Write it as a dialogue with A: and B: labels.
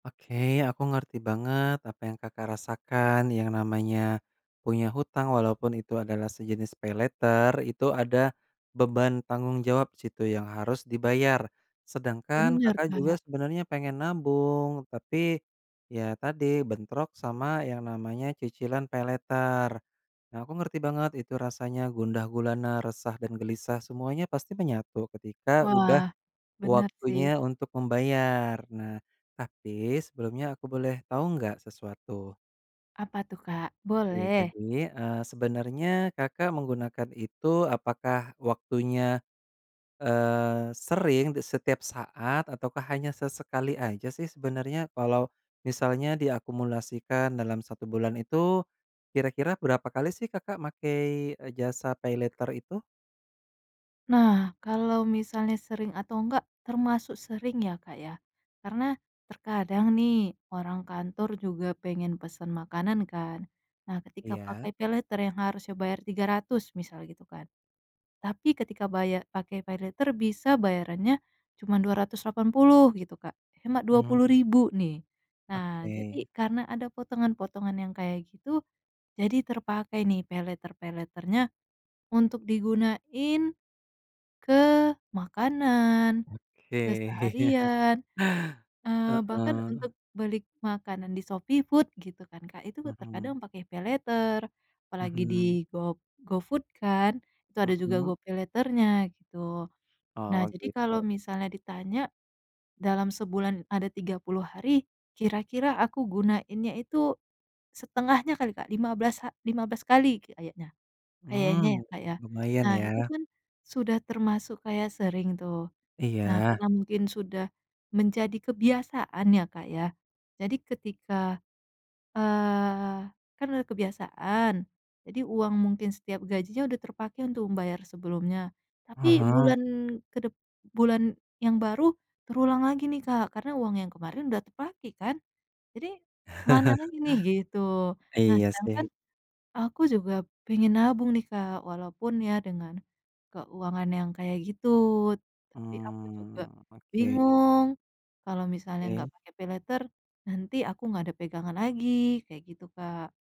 A: Oke, aku ngerti banget apa yang Kakak rasakan, yang namanya punya hutang walaupun itu adalah sejenis paylater, itu ada beban tanggung jawab situ yang harus dibayar. Sedangkan
B: Bener
A: Kakak juga
B: Kak.
A: sebenarnya pengen nabung tapi, ya tadi bentrok sama yang namanya cicilan paylater. Nah aku ngerti banget itu rasanya gundah gulana, resah, dan gelisah semuanya pasti menyatu ketika udah
B: Wah, benar sih.
A: waktunya untuk membayar, nah tapi sebelumnya aku boleh tahu enggak sesuatu?
B: Apa tuh Kak?
A: Ya
B: Boleh.
A: jadi, eee, sebenarnya Kakak menggunakan itu apakah waktunya, eee, sering di setiap saat, ataukah hanya sesekali aja sih sebenarnya, kalau misalnya diakumulasikan dalam 1 bulan itu kira-kira berapa kali sih Kakak makai jasa paylater itu?
B: Nah kalau misalnya sering atau enggak, termasuk sering ya, Kak, ya, karena terkadang nih orang kantor juga pengen pesen makanan kan. Nah ketika pakai
A: Iya.
B: paylater yang harusnya bayar Rp300.000 misal gitu kan, tapi ketika bayar pakai paylater bisa bayarannya cuman Rp280.000 gitu Kak, hemat dua puluh
A: Mhm.
B: ribu nih. Nah jadi
A: Oke.
B: karena ada potongan-potongan yang kayak gitu, jadi terpakai nih paylater-paylater-nya untuk digunain ke makanan,
A: Oke.
B: keseharian, eee, bahkan
A: Heeh.
B: untuk beli makanan di Shopee Food gitu kan Kak, itu
A: Mhm.
B: terkadang pakai paylater, apalagi di
A: Mhm.
B: go GoFood kan, itu ada juga
A: Mhm.
B: GoPay Later-nya gitu, nah
A: Oh
B: jadi kalau
A: gitu.
B: misalnya ditanya dalam sebulan ada 30 hari kira-kira aku gunainnya itu setengahnya kali Kak, lima belas ha lima belas kali kayaknya. Kayaknya ya
A: Mmm,
B: Kak ya.
A: lumayan
B: Nah itu
A: ya.
B: kan sudah termasuk kayak sering tuh, nah
A: Iya.
B: karena mungkin sudah menjadi kebiasaan ya Kak ya, jadi ketika, eee, kan udah kebiasaan, jadi uang mungkin setiap gajinya udah terpakai untuk membayar sebelumnya,
A: Ah
B: tapi
A: hah.
B: bulan kedep bulan yang baru terulang lagi nih Kak, karena uang yang kemarin udah terpakai kan, jadi "Mana lagi nih?" Gitu. Nah
A: Iya
B: sedangkan
A: sih.
B: aku juga pengen nabung nih Kak, walaupun ya dengan keuangan yang kayak gitu, tapi aku juga
A: Mmm, oke.
B: bingung kalau misalnya enggak
A: Oke.
B: pakai paylater nanti aku nggak ada pegangan lagi, kayak gitu Kak.